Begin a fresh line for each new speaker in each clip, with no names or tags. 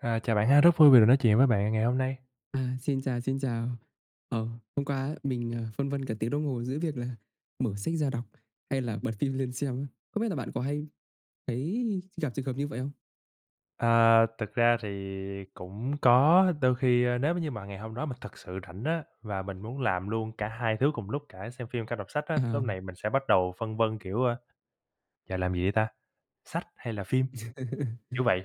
À, chào bạn ha, rất vui vì được nói chuyện với bạn ngày hôm nay.
À, xin chào, xin chào. Ờ, hôm qua á mình, à, phân vân cả tiếng đồng hồ giữa việc là mở sách ra đọc, hay là bật phim lên xem á. Không biết là bạn có hay thấy gặp trường hợp như vậy không?
À, thực ra thì cũng có, đôi khi, a, nếu m như mà ngày hôm đó mình thực sự rảnh á, và mình muốn làm luôn cả hai thứ cùng lúc, cả xem phim cả đọc sách á,
Ờ.
lúc này mình sẽ bắt đầu phân vân, kiểu, ơ, giờ làm gì đây ta? Sách hay là phim? Kiểu vậy.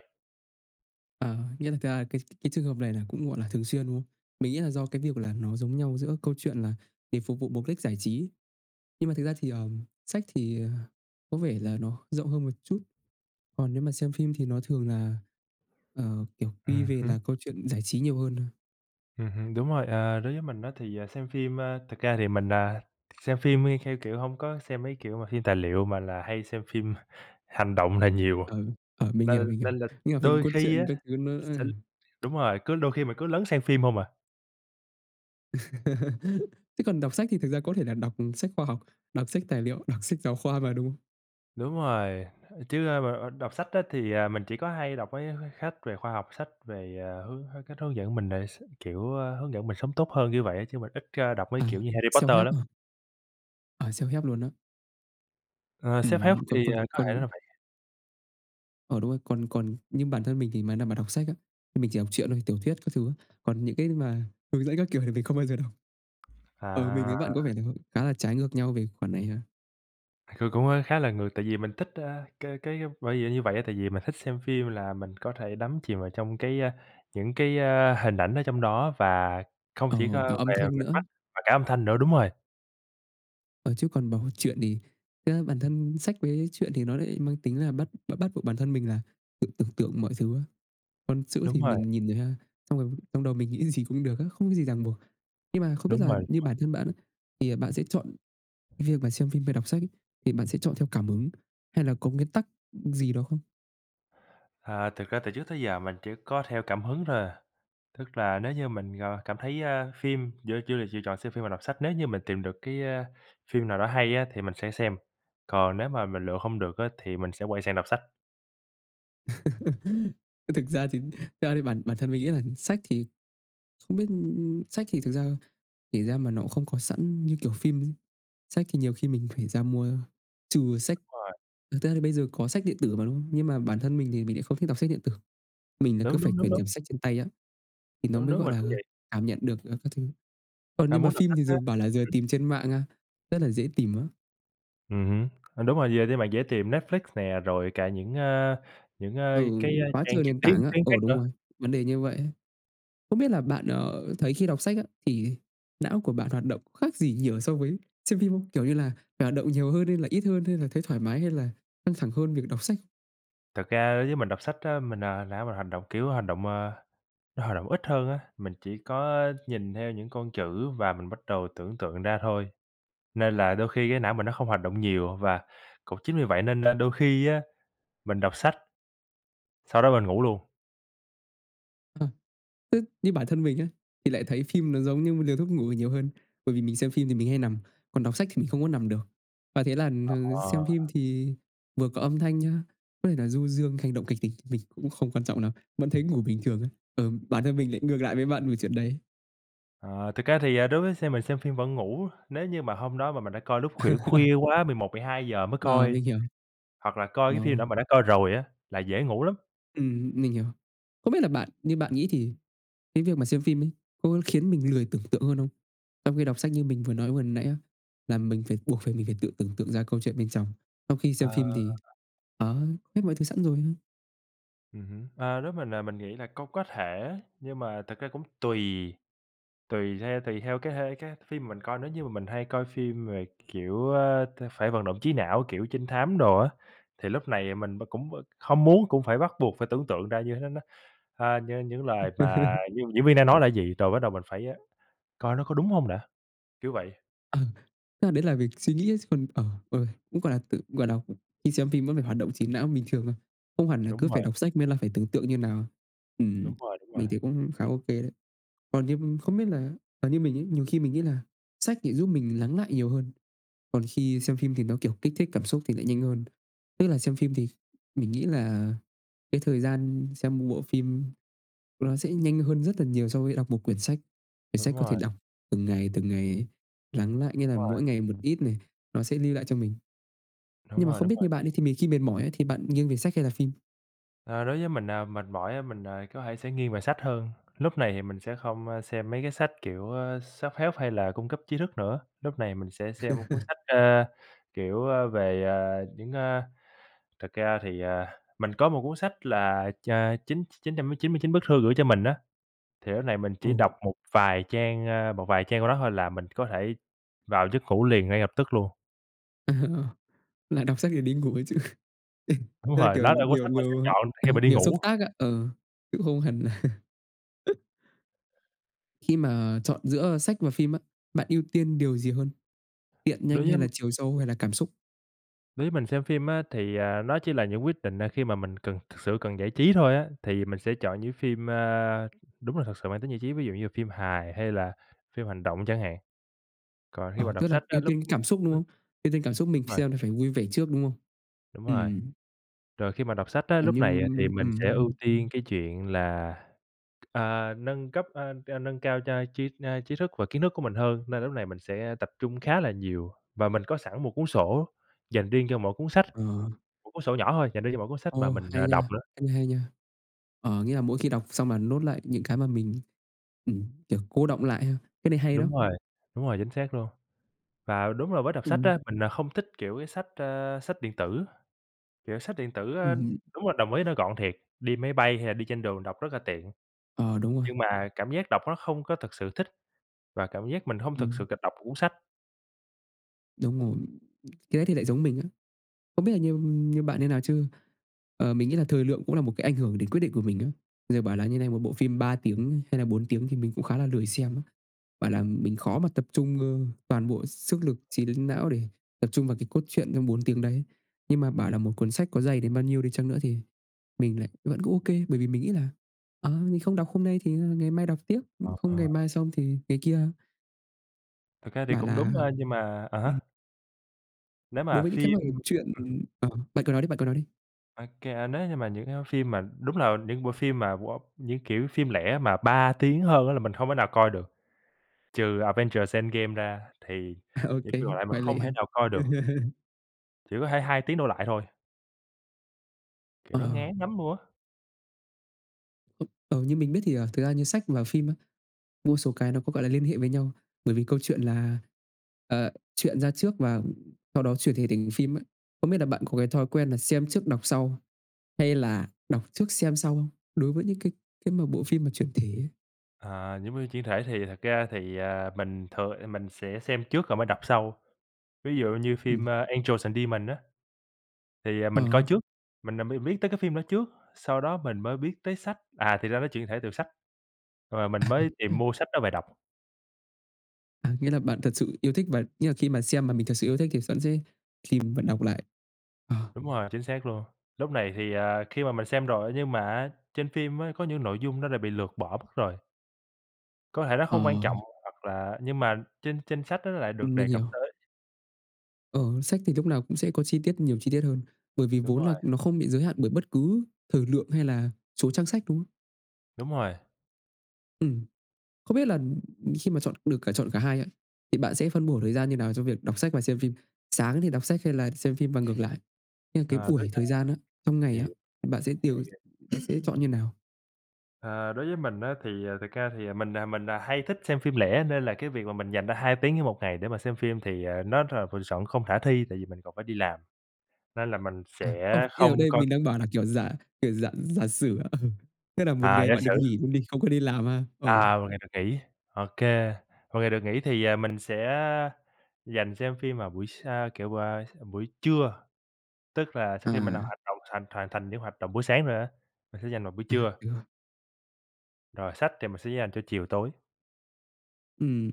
Ờ, nghĩa là thực ra là cái cái trường hợp này là cũng, gọi là, thường xuyên, đúng không? Mình nghĩ là do cái việc là nó giống nhau giữa câu chuyện là để phục vụ mục đích giải trí. Nhưng mà thực ra thì, ờm, sách thì có vẻ là nó rộng hơn một chút. Còn nếu mà xem phim thì nó thường là, ờ, kiểu, quy
Ừm
về
hứm.
là câu chuyện giải trí nhiều hơn thôi.
Ừm hưm, đúng rồi, à, đối với mình á thì, à, xem phim, ơ, thực ra thì mình, à, xem phim đi theo, kiểu, hông có xem mấy, kiểu, mà phim tài liệu mà là hay xem phim hành động là nhiều à,
Ờ, ờ, mình hiểu,
nên
mình hiểu.
nên là
Nhưng mà phim
đôi
cốt
khi
truyện
á,
các thứ nữa ấy.
sẽ đúng rồi, cứ đôi khi mà cứ lấn sang phim hông à.
Thế còn đọc sách thì thực ra có thể là đọc sách khoa học, đọc sách tài liệu, đọc sách giáo khoa mà đúng.
Đúng rồi, ơ, chứ, ơ, ờ, ờ, đọc sách á thì, à, mình chỉ có hay đọc mấy, ơ, mấy khách về khoa học, sách về, à, hướng h cách hướng dẫn mình đề s kiểu, ơ, hướng dẫn mình sống tốt hơn như vậy á, chứ mình ít ra đọc mấy
À,
kiểu như Harry Potter
self-help
lắm.
hả? À, self-help luôn á?
Ờ, self-help,
Ừm,
thì,
còn còn
à, có thể
còn
là vậy.
Ờ, đúng rồi, còn còn như bản thân mình thì mà nào mà đọc sách á, thì mình chỉ đọc truyện thôi, tiểu thuyết các thứ. Còn những cái mà hướng dẫn các kiểu thì mình không bao giờ đọc. Ờ, mình
À.
với bạn có vẻ nh khá là trái ngược nhau về khoản này ha.
C cũng, a, khá là ngược tại vì mình thích, a, cái cái bởi vì như vậy á, tại vì mình thích xem phim là mình có thể đắm chìm vào trong cái, a, những cái, a, hình ảnh ở trong đó, và không
Ờ,
chỉ
cả
có
âm
về, à,
thanh
mình
nữa.
mắt và cả âm thanh nữa, đúng rồi.
Ờ, chứ còn bảo truyện thì ra bản thân sách với truyện thì nó lại mang tính là bắt bắt bắt buộc bản thân mình là tự tưởng tượng mọi thứ á. Còn chữ
Đúng
thì
rồi.
mình nhìn ra, xong rồi trong đầu mình nghĩ gì cũng được á, không có gì ràng buộc. Nhưng mà không biết
Đúng
là
rồi.
như bản thân bạn á, thì bạn sẽ chọn cái việc mà xem phim hay đọc sách ấy, thì bạn sẽ chọn theo cảm hứng hay là có nguyên tắc gì đó không?
À, thực ra từ trước tới giờ mình chỉ có theo cảm hứng thôi à. Tức là nếu như mình, ờ, cảm thấy phim giữa chủ đề chỉ chọn xem phim và đọc sách, nếu như mình tìm được cái, ơ, phim nào đó hay á thì mình sẽ xem. Còn nếu mà mình lựa không được á thì mình sẽ quay sang đọc sách.
Thực ra thì thực ra bản bản thân mình nghĩ á sách thì không biết, ư, ư sách, thì thực ra kể ra mà nó cũng không có sẵn như kiểu phim. Sách thì nhiều khi mình phải ra mua, trừ sách
Đúng rồi.
thực ra thì bây giờ có sách điện tử mà, đúng không? Nhưng mà bản thân mình thì mình lại không thích đọc sách điện tử. Mình là cứ
Đúng,
phải
đúng, đúng,
quyển
đúng.
kiểm sách trên tay á, thì nó
Đúng,
mới,
đúng,
gọi
mình cũng
là,
vậy.
cảm nhận được, ờ, các thứ. Còn
À,
nhưng mà
muốn đọc
phim
sách
thì
á.
giờ bảo là giờ
Hử?
tìm trên mạng, a, rất là dễ tìm á?
Ừm hứ, ừ, đúng rồi, giờ thì bạn dễ tìm Netflix nè, rồi cả những, a, những, a,
Ừ,
cái, a,
quá
trang
trời
trực
nền
tiếp
tảng á,
tuyến
ờ,
khác
đúng
nữa.
rồi, vấn đề như vậy ấy. Không biết là bạn, ờ, thấy khi đọc sách á, thì não của bạn hoạt động khác gì nhiều so với xem phim không? Kiểu như là phải hoạt động nhiều hơn hay là ít hơn, hay là thấy thoải mái, hay là căng thẳng hơn việc đọc sách?
Thật ra đối với mình đọc sách á, mình, à, não mình hành động, kiểu, hành động, à, nó hoạt động ít hơn á. Mình chỉ có nhìn theo những con chữ và mình bắt đầu tưởng tượng ra thôi, nên là đôi khi cái não mình nó không hoạt động nhiều và cũng chính vì vậy nên là đôi khi á, mình đọc sách sau đó mình ngủ luôn.
Ờ. Ư, như bản thân mình á, thì lại thấy phim nó giống như một liều thuốc ngủ nhiều hơn, bởi vì mình xem phim thì mình hay nằm, còn đọc sách thì mình không có nằm được. Và thế là, ừm,
Ờ.
xem phim thì vừa có âm thanh nhá, có thể là du dương, hành động kịch tính mình cũng không quan trọng lắm, vẫn thấy ngủ bình thường á. Ờ, bản thân mình lại ngược lại với bạn về chuyện đấy.
À, thực ra thì, à, đối với xem mình xem phim vẫn ngủ, nếu như mà hôm đó mà mình đã coi lúc khuỷu khuya quá, 11:00-12:00 mới
Ờ,
coi
mình hiểu.
hoặc là coi
Ờ.
cái phim nào mà đã coi rồi á, là dễ ngủ lắm.
Ừm, mình hiểu. Không biết là bạn như bạn nghĩ thì cái việc mà xem phim ấy, có khiến mình lười tưởng tượng hơn không? Trong khi đọc sách như mình vừa nói vừa nãy á, là mình phải buộc phải mình phải tự tưởng tượng ra câu chuyện bên trong, trong khi
Ờ.
xem phim thì, ờ, hết mọi thứ sẵn rồi.
Ừm hứm. Ơ, nếu mình, ờ, mình nghĩ là có có thể, nhưng mà thực ra cũng tùy, tùy theo tùy theo cái hê cái phim mình coi. Nếu như mà mình hay coi phim về, kiểu, ơ, t phải vận động trí não, kiểu, trinh thám đồ á, thì lúc này mình b cũng, ơ, không muốn cũng phải bắt buộc phải tưởng tượng ra như thế nó, a, nh những lời mà d diễn viên đang nói là gì, rồi bắt đầu mình phải, ơ, coi nó có đúng hông đã, kiểu vậy.
Ừ, tức là đấy là việc suy nghĩ á chứ còn, ờ, ừ, cũng, gọi là, tự gọi đọc, khi xem phim vẫn phải hoạt động trí não bình thường thôi, không hẳn là cứ
Đúng
phải
rồi.
đọc sách mới là phải tưởng tượng như nào. Ừm,
Đúng rồi, đúng rồi.
mình thấy cũng khá OK đấy. Còn như, ưm, không biết là, ờ, như mình ấy, nhiều khi mình nghĩ là sách lại giúp mình lắng lại nhiều hơn, còn khi xem phim thì nó, kiểu, kích thích cảm xúc thì lại nhanh hơn. Tức là xem phim thì mình nghĩ là cái thời gian xem bộ phim, ôi, nó sẽ nhanh hơn rất là nhiều so với đọc một quyển sách. Quyển
Đúng
sách có thể
rồi.
đọc từng ngày, từng ngày lắng lại, nghĩa là
Rồi.
mỗi ngày một ít này nó sẽ lưu lại cho mình.
Đúng
Nhưng mà
rồi,
không
đúng
biết như
rồi.
bạn đi thì mình khi mệt mỏi ấy thì bạn nghiêng về sách hay là phim?
Ờ, đối với mình, à, mệt mỏi á mình, à, có thể sẽ nghiêng về sách hơn. Lúc này thì mình sẽ không, a, xem mấy cái sách, kiểu, ơ, self-help hay là cung cấp trí thức nữa, lúc này mình sẽ xem cuốn sách, ơ, kiểu, a, về, à, những, a thực ra thì, à, mình có một cuốn sách là ch chín chín trăm chín mươi chín bức thư gửi cho mình á. Thì lúc này mình chỉ đọc
Ồ.
một vài trang, a, một vài trang của nó thôi là mình có thể vào giấc ngủ liền ngay lập tức luôn.
À, ờ. Là đọc sách để đi ngủ ấy chứ. Ê.
Đúng
Thế là,
rồi,
kiểu,
nó là cuốn
liều
sách mình sẽ
liều,
chọn
ờ,
khi mà đi
liều xúc
ngủ.
tác ạ, ờ, cũng không hẳn là Khi mà chọn giữa, ơ, sách và phim á, bạn ưu tiên điều gì hơn? Tiện, nhanh,
Đối
hay
với
là chiều sâu, hay là cảm xúc?
Đối với mình xem phim á thì, à, nó chỉ là những quyết định, à, khi mà mình cần thực sự cần giải trí thôi á, thì mình sẽ chọn những phim, a, đúng là thực sự mang tính giải trí, ví dụ như là phim hài, hay là phim hành động chẳng hạn. Còn khi mà
Ờ,
đọc
tức là
sách á
ưu
lúc
tiên cảm xúc, đúng không? Ưu tiên cảm xúc mình
Đúng rồi.
xem thì phải vui vẻ trước, đúng không?
Đúng
Ừm,
rồi.
ừm.
Rồi khi mà đọc sách á,
À,
lúc này thì
nhưng
mình sẽ ưu
ừm.
tiên cái chuyện là, à, nâng cấp, a, a, nâng cao cho tri, a, trí thức và kiến thức của mình hơn, nên lúc này mình sẽ tập trung khá là nhiều và mình có sẵn một cuốn sổ dành riêng cho mỗi cuốn sách.
Ờ.
Một cuốn sổ nhỏ thôi, dành riêng cho mỗi cuốn sách mà
Ồ,
mình,
hay
ờ, đọc
nha,
nữa.
cách này hay nha. Ờ, nghĩa là mỗi khi đọc xong bạn note lại những cái mà mình, ừm, kiểu, cô đọng lại ha. Cái này hay
Đúng
đó.
rồi. Đúng rồi, chính xác luôn. Và đúng là với đọc sách
Ừm.
á, mình, ờ, không thích, kiểu, cái sách, ơ, sách điện tử. Kiểu sách điện tử, a,
Ừm hưm.
đúng là đồng ý nó gọn thiệt, đi máy bay hay là đi trên đường đọc rất là tiện,
Ờ, đúng rồi.
nhưng mà cảm giác đọc nó không có thực sự thích và cảm giác mình hông thực sự
Ừm.
cầm đọc một cuốn sách.
Đúng rồi, cái ấy thì lại giống mình á. Không biết là như như bạn như nào chứ, ờ, mình nghĩ là thời lượng cũng là một cái ảnh hưởng đến quyết định của mình đó. Giờ bảo là như này, một bộ phim 3 tiếng hay là 4 tiếng thì mình cũng khá là lười xem á. Bảo là mình khó mà tập trung, ơ, toàn bộ sức lực trí đến não để tập trung vào cái cốt truyện trong 4 tiếng đấy. Nhưng mà bảo là một cuốn sách có dày đến bao nhiêu đi chăng nữa thì mình lại vẫn cứ ô kê, bởi vì mình nghĩ là "Ờ, mình không đọc hôm nay thì ngày mai đọc tiếp, ưm, không ngày
À.
mai xong thì ngày kia."
Thực ra thì
Bảo
cũng
là
đúng thôi, nhưng mà à há.
ừm.
Nếu
Đối
mà
với những
phim
cái mẩu chuyện
ừm.
ờ, bạn cứ nói đi, bạn cứ nói đi.
Ô kê, nếu như mà những cái phim mà đúng là những bộ phim mà, wow, những kiểu phim lẻ mà 3 tiếng hơn á là mình hông thể nào coi được. Trừ Avengers Endgame ra, thì
À, ô
những
kê,
phim còn lại mình
ngoại lệ
hông
ha.
thể nào coi được. Chỉ có thể 2 tiếng đổ lại thôi. Kiểu, nó
Ờ.
ngán nắm nua.
Ờ, như mình biết thì, ờ, thực ra như sách và phim á, một số cái nó có, gọi là, liên hệ với nhau, bởi vì câu chuyện là, ờ, truyện ra trước và sau đó chuyển thể thành phim ấy. Không biết là bạn có cái thói quen là xem trước, đọc sau, hay là đọc trước, xem sau không? Đối với những cái cái mà bộ phim mà chuyển thể ấy.
À, giống như chuyển thể thì thật ra thì, à, mình thường, ơ, mình sẽ xem trước rồi mới đọc sau. Ví dụ như
Ừm.
phim, a, Angels& Demons á, thì, ờ, mình coi
À.
trước, mình nà mới biết tới cái phim đó trước, sau đó mình mới biết tới sách, à, thì ra nó chuyển thể từ sách, rồi, à, mình mới tìm mua sách đó về đọc.
À, nghĩa là bạn thật sự yêu thích và nghĩa là khi mà xem mà mình thật sự yêu thích, thì vẫn sẽ tìm và đọc lại? Ờ.
Đúng rồi, chính xác luôn. Lúc này thì, à, khi mà mình xem rồi, nhưng mà á trên phim á có những nội dung nó đã bị lược bỏ mất rồi. Có thể nó
Ờ.
không quan trọng, hoặc là nhưng mà trên trên sách đó nó lại được
Ừm, mình
đề cập
hiểu.
tới.
Ờ, sách thì lúc nào cũng sẽ có chi tiết nhiều chi tiết hơn, bởi vì
Đúng
vốn là
rồi.
nó không bị giới hạn bởi bất cứ thời lượng hay là số trang sách, đúng không?
Đúng rồi.
Ừm. Không biết là, ừm, ừm, khi mà chọn được cả chọn cả hai á, thì bạn sẽ phân bổ thời gian như nào cho việc đọc sách và xem phim? Sáng thì đọc sách hay là xem phim và ngược lại? Nhưng cái
Ờ, tới,
buổi
ơ
thời gian á, trong ngày
hiều
á, thì bạn sẽ
hiểu,
tiêu
hiểu.
bạn sẽ chọn như nào?
À, đối với mình á thì thực ra thì mình, à, mình, à, hay thích xem phim lẻ, nên là cái việc mà mình dành ra 2 tiếng trên 1 ngày để mà xem phim thì, à, nó rà m chọn không khả thi, tại vì mình còn phải đi làm, nên là mình
À,
sẽ
không, ý
không
ở đây
coi.
mình đang bảo là, kiểu, giả, kiểu, giả giả sử ạ. Ừ. tức là 1
À,
ngày
giả
bạn được
sử.
nghỉ luôn đi, không có đi làm ha. Ờ.
À, 1 ngày được nghỉ, OK. 1 ngày được nghỉ thì, à, mình sẽ dành xem phim vào buổi sa kiểu bà s buổi trưa. Tức là sau khi mình đã
À.
hoạt động thành hoàn thành những hoạt động buổi sáng rồi á, mình sẽ dành vào buổi
À,
trưa.
đúng rồi.
Rồi sách thì mình sẽ dành cho chiều tối.
Ừm,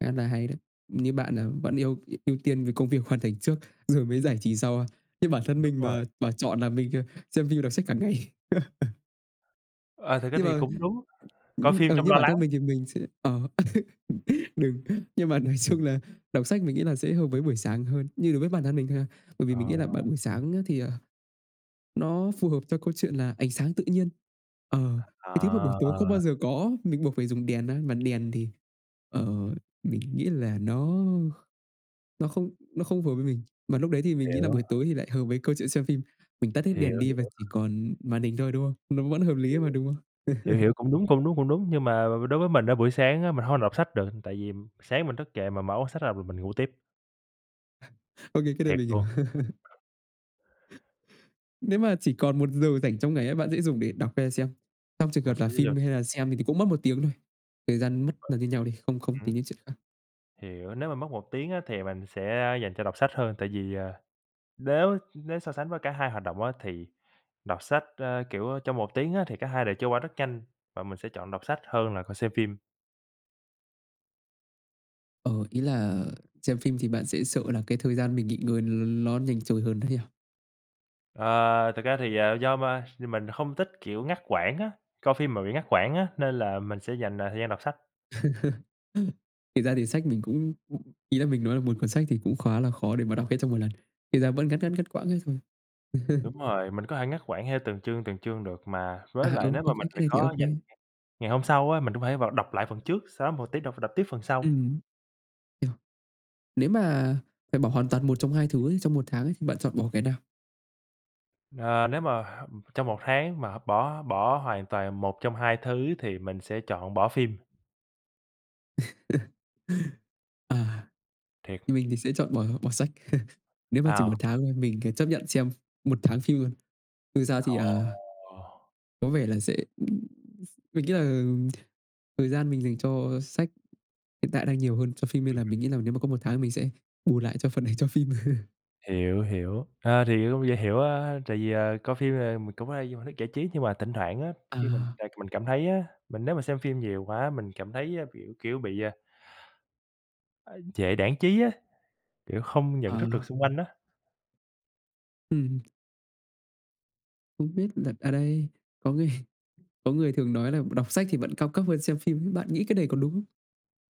khá là hay đấy. Như bạn là vẫn yêu ư ưu tiên về công việc hoàn thành trước, rồi mới giải trí sau. Như bản thân
Đúng
mình
rồi.
mà bảo chọn là mình, ờ, xem phim, đọc sách cả ngày.
Ờ, thực ra
Nhưng
thì
mà,
cũng đúng, coi
ưm,
phim
ờ,
trong
như
lo
bản
lắng.
thân mình thì mình sẽ ờ, đừng, nhưng mà nói chung là đọc sách mình nghĩ là sẽ hợp với buổi sáng hơn, như đối với bản thân mình thôi ha. Bởi vì
Ờ.
mình nghĩ là bạn buổi sáng á thì, ờ, nó phù hợp cho câu chuyện là ánh sáng tự nhiên, ờ, cái thứ mà buổi tối không bao
À.
giờ có á, mình buộc phải dùng đèn á, mà đèn thì, ờ, mình nghĩ là nó kh nó không nó không phù hợp với mình. Mà lúc đấy thì mình nghĩ là
Hiểu.
buổi tối thì lại hợp với câu chuyện xem phim. Mình tắt hết đèn
Hiểu,
đi
hiểu.
và chỉ còn màn hình thôi, đúng không? Nó vẫn hợp lý
Hiểu,
mà, đúng không?
hiểu, hiểu, cũng đúng, cũng đúng, cũng đúng. Nhưng mà, đối với mình á, buổi sáng á mình hông đọc sách được, tại vì sáng mình thức dậy mà mở quyển sách ra m mình ngủ tiếp.
Ô kê, cái này
Thiệt
mình hiểu.
luôn.
Nếu mà chỉ còn 1 giờ rảnh trong ngày á, bạn sẽ dùng để đọc hay là xem? Trong trường
Mình
hợp
sẽ
là
di dời
phim, hay là xem thì thì cũng mất 1 tiếng thôi. Thời gian mất là như nhau đi, không không
Hứm?
tính đến chuyện khác.
Hiểu. Nếu mà mất 1 tiếng á, thì mình sẽ, a, dành cho đọc sách hơn, tại vì, à, nếu nếu so sánh với cả hai hoạt động á, thì đọc sách, a, kiểu, ơ, trong 1 tiếng á thì cả hai đều trôi qua rất nhanh và mình sẽ chọn đọc sách hơn là còn xem phim.
Ờ, ý là, ờ, xem phim thì bạn sẽ sợ là cái thời gian mình nghỉ ngơi nó nhanh trôi hơn đấy à?
Ờ, thực ra thì, à, do ma thì mình không thích, kiểu, ngắt quãng á, coi phim mà bị ngắt quãng á nên là mình sẽ dành, ờ, thời gian đọc sách.
Thiệt ra thì sách mình cũng ừm, ý là mình nói là một cuốn sách thì cũng khá là khó để mà đọc hết trong một lần. Thiệt ra vẫn ngắt, ngắt, ngắt quãng hết thôi.
Đúng rồi, mình có thể ngắt quãng theo từng chương, từng chương được mà, với
À,
lại
ừ,
nếu
ô
mà
kê,
mình
cái
mà
này thì ô
có dành
kê.
ngày hôm sau á mình cũng thể vào đọc lại phần trước, sau đó một tí đọc đọc tiếp phần sau.
Ừm. Nếu mà phải bỏ hoàn toàn một trong hai thứ ấy trong 1 tháng ấy thì bạn chọn bỏ cái nào?
Ờ, nếu mà h trong 1 tháng mà h bỏ bỏ hoàn toàn một trong hai thứ thì mình sẽ chọn bỏ phim.
À,
Thiệt.
thì mình thì sẽ chọn bỏ bỏ sách. Nếu mà chỉ 1
À.
tháng thôi, mình thì chấp nhận xem ph 1 tháng phim luôn. Thực ra thì, à
Ồ!
có vẻ là sẽ, ừm, ph mình nghĩ là, ừm, thời gian mình dành cho sách hiện tại đang nhiều hơn cho phim, nên
Ừm,
là
ừm.
mình nghĩ là nếu mà có 1 tháng mình sẽ bù lại cho phần này cho phim.
Hiểu, hiểu, ờ, thì cũng dễ hiểu á, tại vì, ờ, coi phim, à, mình cũng hay như một hình thức giải trí. Nhưng mà thỉnh thoảng á,
Ờ.
khi mình tại mình cảm thấy á, mình nếu mà xem phim nhiều quá, mình cảm thấy á, kiểu kiểu, bị, à ơi, trễ đãng trí á, kiểu, không nhận thức được
Ờ.
xung quanh á.
Ừm. Không biết là ở đây có người có người thường nói là đọc sách thì vẫn cao cấp hơn xem phim ấy, bạn nghĩ cái này có đúng?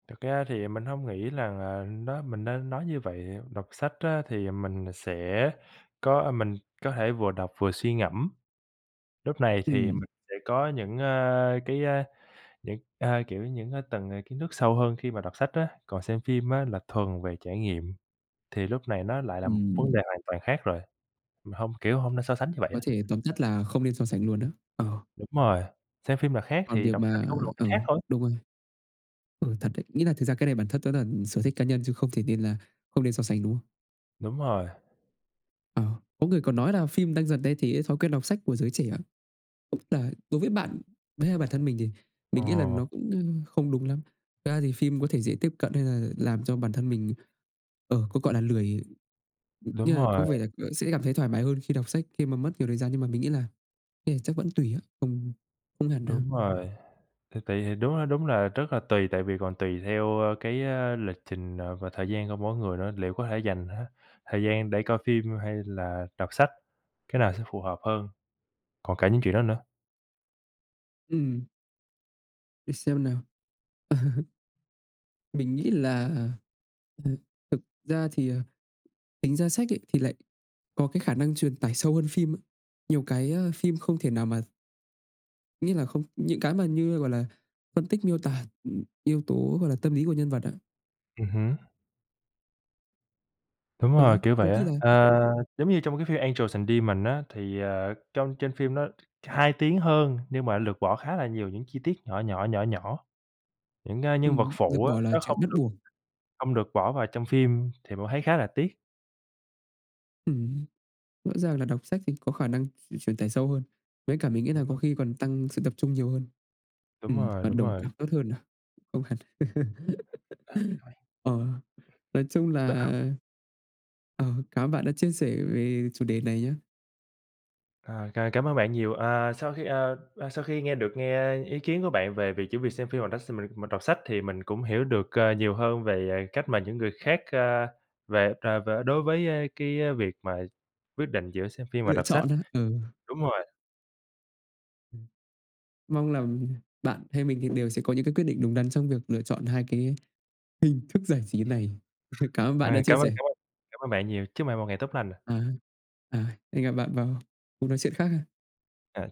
Thật ra thì mình hông nghĩ rằng, à, nó mình nên nói như vậy, đọc sách á thì, à, mình nà sẽ có mình có thể vừa đọc vừa suy ngẫm. Lúc này thì
Ừm.
mình sẽ có những, a, cái, á, những, a, kiểu, những, á, tầng, à, kiến thức sâu hơn khi mà đọc sách á. Còn xem phim á là thuần về trải nghiệm, thì lúc này nó lại là một vấn
Ừm.
đề hoàn toàn khác rồi, mình hông, kiểu, hông nên so sánh như vậy
Có
á.
thể tóm tắt là không nên so sánh luôn á? Ờ.
Đúng rồi, xem phim là khác,
Còn
thì
việc
đọc sách
mà
cũng là một cái
ừ,
khác thôi.
đúng rồi. Ừ, thật đấy, nghĩa là thực ra cái này bản thân tớ là sở thích cá nhân chứ không thể nên là không nên so sánh, đúng không?
Đúng rồi.
Ờ. Có người còn nói là phim đang dần thay thế cho cách đọc sách của giới trẻ là đối với bạn đấy bản thân mình thì mình nghĩ là
Ờ.
nó cũng không đúng lắm. Thực ra thì phim có thể dễ tiếp cận nên là làm cho bản thân mình, ờ, có, gọi là, lười,
Đúng
như là có
rồi.
vẻ là vẫn sẽ cảm thấy thoải mái hơn khi đọc sách khi mà mất nhiều thời gian nhưng mà mình nghĩ là ê, chắc vẫn tùy á, không không hẳn đâu.
Đúng rồi. Thì tùy, thì đúng là đúng là rất là tùy tại vì còn tùy theo, ơ, cái, ơ, lịch trình, ờ, và thời gian của mỗi người nữa, liệu có thể dành, a, thời gian để coi phim hay là đọc sách, cái nào sẽ phù hợp hơn, còn cả những chuyện đó nữa.
Ừm. Để xem nào. Mình nghĩ là, ừ, thực ra thì, ờ, tính ra sách ấy thì lại có cái khả năng truyền tải sâu hơn phim ấy, nhiều cái, ờ, phim không thể nào mà Nghĩa là không những cái mà như, gọi là, phân tích miêu tả, ừm, yếu tố, gọi là, tâm lý của nhân vật á.
Ừm hứm. Đúng
Ờ,
rồi.
đấy.
Kiểu,
Có
vậy
khi
á.
là
Ờ, giống như trong cái phim Angels& Demons á thì, ờ, trong trên phim nó 2 tiếng hơn nhưng mà lược bỏ khá là nhiều những chi tiết nhỏ nhỏ, nhỏ nhỏ. Những, a, nhân vật
Ừm. Lược
phụ á,
bỏ là
nó không
chuyện bắt
được
buộc.
hông được bỏ vào trong phim thì bạn thấy khá là tiếc.
Ừm. Rõ ràng là đọc sách thì có khả năng tr truyền tải sâu hơn, với cả mình nghĩ là
Đúng
có
rồi.
khi còn tăng sự tập trung nhiều hơn.
Đúng
Ừm,
rồi,
hoạt
đúng
động
rồi!
càng tốt hơn à? Không hẳn. Ờ, nói chung là,
Đỡ hông?
ờ, cảm ơn bạn đã chia sẻ về chủ đề này nhá.
Ờ. C cảm ơn bạn nhiều. Ờ, Sau khi, ờ, ờ, sau khi nghe được nghe ý kiến của bạn về việc chỉ việc xem phim rồi đó s mình mình đọc sách, thì mình cũng hiểu được, ờ, nhiều hơn về cách mà những người khác, a, về, à, về đối với, ơ, cái việc mà quyết định giữa xem phim và
Lựa
đọc sách.
chọn á? Ừ.
Đúng rồi.
Mong là bạn hay mình thì đều sẽ có những cái quyết định đúng đắn trong việc lựa chọn hai cái hình thức giải trí này. Cảm ơn bạn đã
À.
chia
Cảm ơn,
sẻ.
cảm ơn, cảm ơn bạn nhiều, chúc bạn một ngày tốt lành.
À, à. Hẹn gặp bạn vào cuộc nói chuyện khác ha.
À, chào